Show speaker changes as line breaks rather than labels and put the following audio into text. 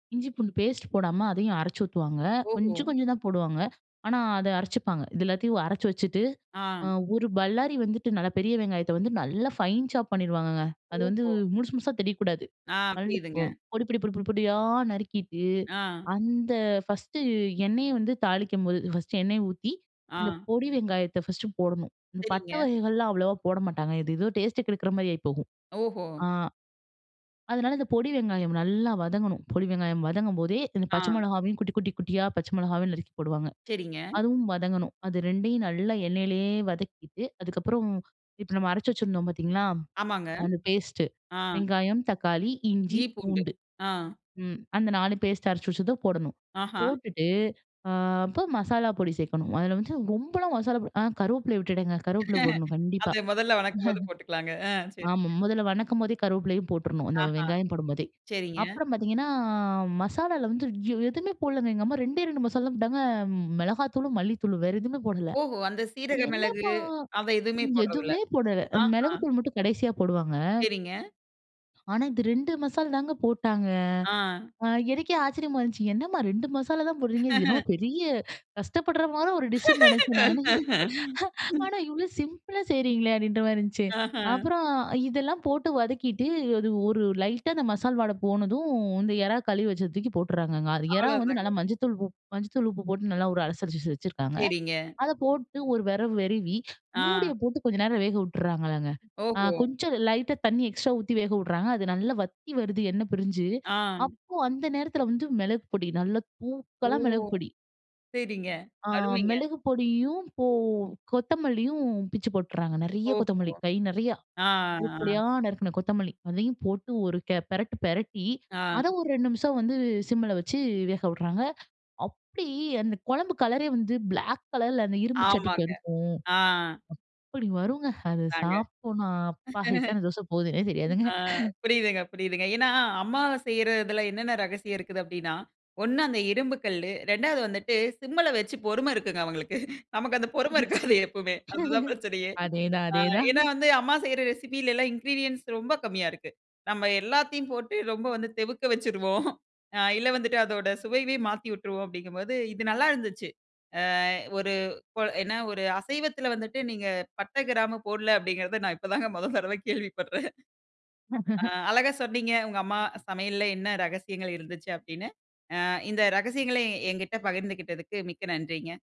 இஞ்சி பூண்டு பேஸ்ட் போடாம, அதையும் அரைச்சூத்துவாங்க.
ஓஹோ!
கொஞ்சம் கொஞ்சம் தா போடுவாங்க, ஆனா அத அரைச்சுப்பாங்க. இது எல்லாத்தையும் அரச்சு வச்சுட்டு, அ
ஆ.
ஒரு பல்லாரி வந்துட்டு நல்ல பெரிய வெங்காயத்த வந்து நல்லா ஃபைன் சாப் பண்ணீருவாங்கங்க. அது வந்து
ஓஹோ!
முழுசு முழுசா தெரியக்கக்கூடாது.
ஆ,
[unintelligible]
புரியிதுங்க.
பொடி பொடி பொடி பொடி பொடியா நறுக்கிட்டு
ஆ.
அந்த ஃபர்ஸ்ட்டு எண்ணெய வந்து தாளிக்குபோது, ஃபர்ஸ்ட்டு எண்ணெய ஊத்தி இந்த
ஆ.
பொடி வெங்காயத்த ஃபர்ஸ்ட்டு போடணும், இந்த பட்டை
செரிங்க.
வகைகள்லாம் அவ்வளோவா போட மாட்டாங்க. எது எதோ டேஸ்ட்ட கெடுக்குற மாரி ஆயி போகும்.
ஓஹோ.
அ. அதனால இந்த பொடி வெங்காயம் நல்லா வதங்கணும், பொடி வெங்காயம் வதங்கும்போதே, இந்த பச்சை
ஆ.
மிளகாவையும் குட்டி, குட்டி, குட்டியா பச்சை மிளகாவையும் நறுக்கி போடுவாங்க.
செரிங்க.
அதுவும் வதங்கணும். அது 2யும் நல்லா எண்ணெயிலேயே வதக்கிட்டு, அதுக்கப்றம் இப்போ நம்ம அரைச்சி வச்சிருந்தோம் பார்த்தீங்களா,
ஆமாங்க.
அந்த பேஸ்ட்டு,
ஆ.
வெங்காயம், தக்காளி, இஞ்சி,
இஞ்சி பூண்டு.
பூண்டு
அ.
ம் அந்த 4 பேஸ்ட்டு அரைச்சு வச்சது போடணும்.
அஹா.
போட்டுட்டு அ அப்போ மசாலா பொடி சேக்கணும். அதில வந்து ரொம்பலாம் மசாலா பொடி அ கருவேப்பிலை விட்டுடேங்க, கருவேப்பில போடணும் கண்டிப்பா.
அத மொதல்ல வணக்கும் போது போட்டுக்கலாங்க, அ செரிங்க.
ஆமா முதல்ல வணக்கும் போதே கருவேப்பிலையும் போற்றணும், அந்த
அஹா,
வெங்காயம் போடும்போதே.
செரிங்க.
அப்றம் பாத்தீங்கன்னா மசாலால வந்து எதுமே போடலங்க, எங்க அம்மா. 2டே 2 மசால் தா போட்டாங்க. மிளகாத்தூளும், மல்லித்தூளும். வேற எதுமே போடல,
ஓஹோ! அந்த சீரக
என்னமா!
மிளகு, அத எதுமே போட்றதில்ல.
எதுமே போடல.
அஹ.
மிளகுத்தூள் மட்டும் கடைசியா போடுவாங்க.
செரிங்க.
ஆனா இது 2 மசால் தாங்க போட்டாங்க.
அ.
அ எனக்கே ஆச்சரியமா இருந்துச்சு. என்னம்மா 2 மசாலா தா போட்றீங்க.இது என்னமோ பெரிய கஷ்டப்பற மாற ஒரு டிஷ்னு நினச்சே நானு. ஆனா இவ்ளோ சிம்பிளா செய்கிறீங்ளே! அப்படின்ற மாரி இருந்துச்சு.
ஆஹ.
அப்புறம் இதெல்லாம் போட்டு வதக்கிட்டு அது ஒரு லைட்டா, அந்த மசால் வாட போனதும், இந்த எறா கழுவி வெச்சத தூக்கி போட்டர்றாங்கங்க. எறா வந்து
அவ்ளோதாங்க.
நல்லா மஞ்சதூள் உப் மஞ்சதூள் உப்பு போட்டு நல்லா ஒரு அலசரிச்சு வச்சுருக்காங்க.
செரிங்க.
அத போட்டு ஒரு வேறவு வெரவி,
ஆ.
மூடியை போட்டு கொஞ்ச நேரம் வேக உட்டர்றாங்கங்க. அ
ஓஹோ!
கொஞ்சம் லைட்டா தண்ணி எக்ஸ்ட்ரா ஊத்தி வேக உட்றாங்க. அது நல்லா வத்தி வருது எண்ண பிரிஞ்சு,
ஆ.
அப்போ அந்த நேரத்தில வந்து மிளகு பொடி, நல்ல
ஓ!
தூக்கலா மிளகு பொடி.
சரிங்க,
அ
அருமைங்க.
மிளகு பொடியும், போ கொத்தமல்லியும் பிச்சு போட்டர்றாங்க. நெறைய
ஓஹுவ,
கொத்தமல்லி கை நிறையா,
ஆ.
உருப்படியா நறுக்கண கொத்தமல்லி அதையும் போட்டு ஒரு கே பிரட்டு பிரட்டி,
அ.
அதை ஒரு 2 நிமிஷம் வந்து சிம்ல வச்சு வேக விட்றாங்க. அப்டி அந்த குழம்பு கலரே வந்து பிளாக் கலர்ல அந்த இரும்பு சட்டிக்கும்
ஆமாங்க,
அதுக்கும்
ஆ.
அப்படி வருங்க! அது
தாங்க.
சாப்புட்னா, அப்பா! எத்தன தோச போகுதுன்னே தெரியாதுங்க.
ஆ புரியுதுங்க, புரியுதுங்க. ஏன்னா அம்மா செய்றதுல என்னென்ன ரகசியம் இருக்குது அப்படின்னா, 1 அந்த இரும்பு கல்லு, 2வது வந்துட்டு சிம்ல வச்சு பொறும இருக்குங்க அவங்களுக்கு. நமக்கு அந்த பொறுமை இருக்காது எப்போமே, அதுதான்
[unintelligible]
பிரச்சனையே.
அதேதான்,
ஆ
அதேதான்.
ஏன்னா வந்து அம்மா செய்ற ரெசிப்பிலலாம் இன்கிரீடியன்ட்ஸ் ரொம்ப கம்மியா இருக்கு. நம்ம எல்லாத்தையும் போட்டு ரொம்ப வந்து தெவுக்க வச்சுருவோம், அ இல்ல வந்துட்டு அதோட சுவையவே மாத்தி விட்டருவோம் அப்படிங்கும்போது, இது நல்லா இருந்துச்சு. அ ஒரு கோ என்ன ஒரு அசைவத்துல வந்துட்டு நீங்க பட்ட கிராமு போடல அப்படிங்கிறத, நான் இப்போதாங்க 1 தடவை கேள்விப்பட்றேன். அழகா சொன்னீங்க, "உங்க அம்மா சமையல்ல என்ன ரகசியங்கள் இருந்துச்சு? அப்படினு" அ இந்த ரகசியங்களை எங்கிட்ட பகிர்ந்துகிட்டத்துக்கு, மிக்க நன்றிங்க.